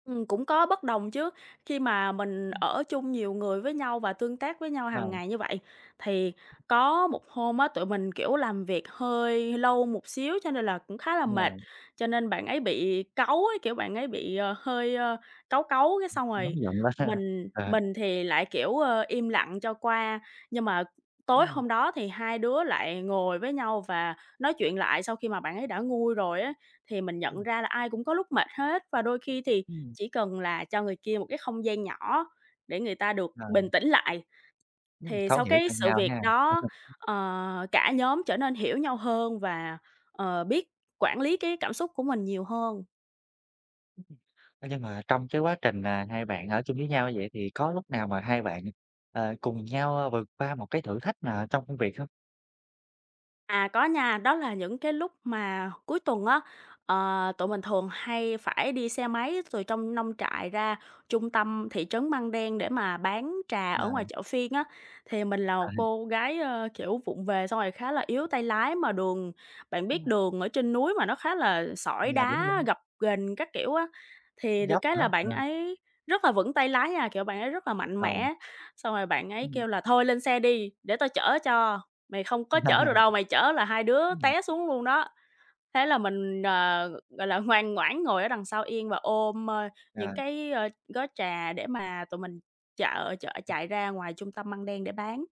Ừm, cũng có bất đồng chứ, khi mà mình Ừm. ở chung nhiều người với nhau và tương tác với nhau À. hàng ngày như vậy, thì có một hôm á, tụi mình, kiểu, làm việc hơi hơi lâu một xíu cho nên là cũng khá là mệt, À. cho nên bạn ấy bị cáu ấy, kiểu, bạn ấy bị, ờ, hơi, ơ, cáu cáu cái Ừm, xong nóng rồi giận quá ha, mình à. mình thì lại, kiểu, ờ, im lặng cho qua. Nhưng mà tối Ừm. hôm đó thì hai đứa lại ngồi với nhau và nói chuyện lại sau khi mà bạn ấy đã nguôi rồi á, thì mình nhận Ừm. ra là ai cũng có lúc mệt hết và đôi khi thì Ừm. chỉ cần là cho người kia một cái không gian nhỏ để người ta được Ờ. bình tĩnh lại. Ừm, Thì thấu sau hiểu cái cho sự nhau việc ha. đó, ờ, cả nhóm trở nên hiểu nhau hơn và, ờ, biết quản lý cái cảm xúc của mình nhiều hơn. Ơ, nhưng mà trong cái quá trình, à, hai bạn ở chung với nhau như vậy thì có lúc nào mà hai bạn, ờ, cùng nhau vượt qua một cái thử thách nào ở trong công việc không? À, có nha, đó là những cái lúc mà cuối tuần á, ờ, tụi mình thường hay phải đi xe máy từ trong nông trại ra trung tâm thị trấn Măng Đen để mà bán trà ở Ờ. ngoài chợ phiên á. Thì mình là À. một cô gái, ờ, kiểu, vụng về xong rồi khá là yếu tay lái mà đường bạn biết Ừm. đường ở trên núi mà nó khá là sỏi À, đúng, đá, đúng. gập ghềnh các kiểu á, thì được Dốc cái nữa, là bạn ừm. ấy rất là vững tay lái nha, kiểu, bạn ấy rất là mạnh Ờ. mẽ, xong rồi bạn ấy Ừm. kêu là "Thôi lên xe đi, để tao chở cho, mày không có chở được đâu, mày chở là hai đứa Ừm. té xuống luôn đó." Thế là mình, ờ, gọi là, ngoan ngoãn ngồi ở đằng sau yên và ôm, ơ, những Ờ. cái, ờ, gói trà để mà tụi mình chợ chợ chạy ra ngoài trung tâm Măng Đen để bán.